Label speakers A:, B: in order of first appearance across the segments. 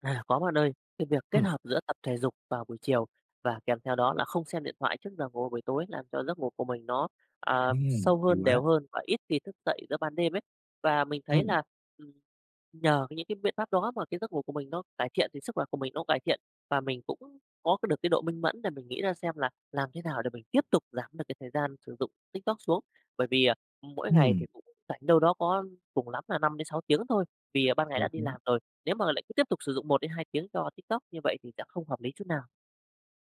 A: À, có bạn ơi. Cái việc kết
B: Ừm.
A: hợp giữa tập thể dục vào buổi chiều và kèm theo đó là không xem điện thoại trước giờ ngủ buổi tối làm cho giấc ngủ của mình nó, ờ,
B: Ừm.
A: sâu
B: Hay
A: hơn, đều
B: quá!
A: hơn và ít khi thức dậy giữa ban đêm ấy. Và mình thấy
B: Ừm.
A: là, ừm, nhờ cái những cái biện pháp đó mà cái giấc ngủ của mình nó cải thiện, thì sức khỏe của mình nó cải thiện và mình cũng có cái được cái độ minh mẫn để mình nghĩ ra xem là làm thế nào để mình tiếp tục giảm được cái thời gian sử dụng TikTok xuống. Bởi vì, à, mỗi ngày thì
B: Ừm.
A: cũng rảnh đâu đó có cùng lắm là 5-6 tiếng thôi vì, ờ, ban ngày
B: Ờ,
A: đã đi
B: đúng.
A: làm rồi, nếu mà lại cứ tiếp tục sử dụng 1-2 tiếng cho TikTok như vậy thì sẽ không hợp lý chút nào.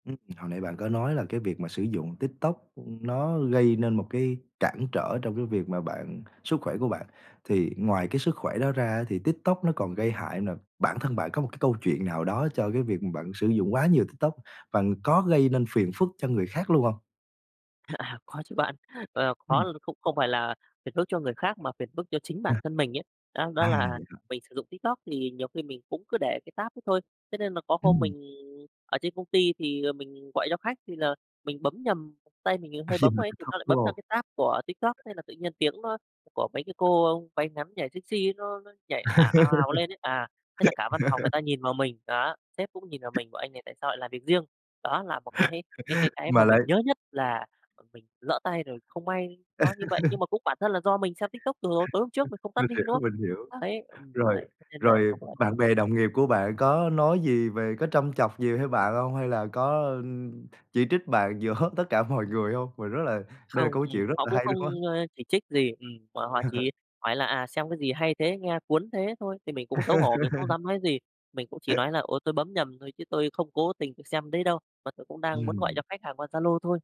B: Ừm, hồi nãy bạn có nói là cái việc mà sử dụng TikTok, ưm, nó gây nên một cái cản trở trong cái việc mà bạn sức khỏe của bạn. Thì
A: Ừm.
B: ngoài cái sức khỏe đó ra á thì TikTok nó còn gây hại nà, bản thân bạn có một cái câu chuyện nào đó cho cái việc mà bạn sử dụng quá nhiều TikTok và có gây nên phiền phức cho người khác luôn hông?
A: Có chứ bạn. Ờ, có
B: Ừm.
A: l cũng không phải là phiền phức cho người khác mà phiền phức cho chính
B: À.
A: bản thân mình ấy. Đó, đó
B: À,
A: là
B: vậy hả?
A: mình sử dụng TikTok thì nhiều khi mình cũng cứ để cái tab đó thôi, thế nên mà có hôm
B: Ừm.
A: mình ở trên công ty thì, ờ, mình gọi cho khách thì là mình bấm nhầm, tay mình
B: Ờ,
A: hơi
B: vậy
A: bấm vào
B: hả?
A: ấy, thì
B: Tiktok,
A: nó lại
B: đúng
A: bấm
B: hông?
A: sang cái tab của TikTok thế là tự nhiên tiếng nó của mấy cái cô váy ngắn thì nhảy sexy nó nó nhảy ào, ào, ào lên ấy. À, thế là cả văn phòng người ta nhìn vào mình, đó, sếp cũng nhìn vào mình bảo: "Anh này tại sao lại làm việc riêng?" Đó là một cái cái cái cái mà
B: Mà lại
A: mình nhớ nhất là, ờ, mình lỡ tay rồi không may nó như vậy, nhưng mà cũng bản thân là do mình xem TikTok từ hồi tối hôm trước mình
B: [unintelligible]
A: không tắt
B: Mình
A: đi,
B: hiểu,
A: đúng không?
B: mình hiểu.
A: Đấy, ừm,
B: Rồi,
A: đấy thế nên là
B: rồi,
A: nó
B: ờ,
A: cũng ảnh
B: bạn
A: hưởng.
B: bè đồng nghiệp của bạn có nói gì về có trâm chọc gì theo bạn hông? Hay là có, ưm, chỉ trích bạn giữa hết tất cả mọi người hông? Mình rất là đây là
A: Không,
B: câu
A: ừm,
B: chuyện rất
A: họ
B: là
A: cũng
B: hay luôn á.
A: không, ơ, chỉ trích gì, ừm, mà họ chỉ hỏi là, à, xem cái gì hay thế, nghe cuốn thế thôi, thì mình cũng xấu hổ, mình không dám nói gì, mình cũng chỉ nói là "Ồ, tôi bấm nhầm thôi, chứ tôi không cố tình tôi xem đấy đâu và tôi cũng đang muốn gọi
B: Ừm.
A: cho khách hàng qua Zalo thôi."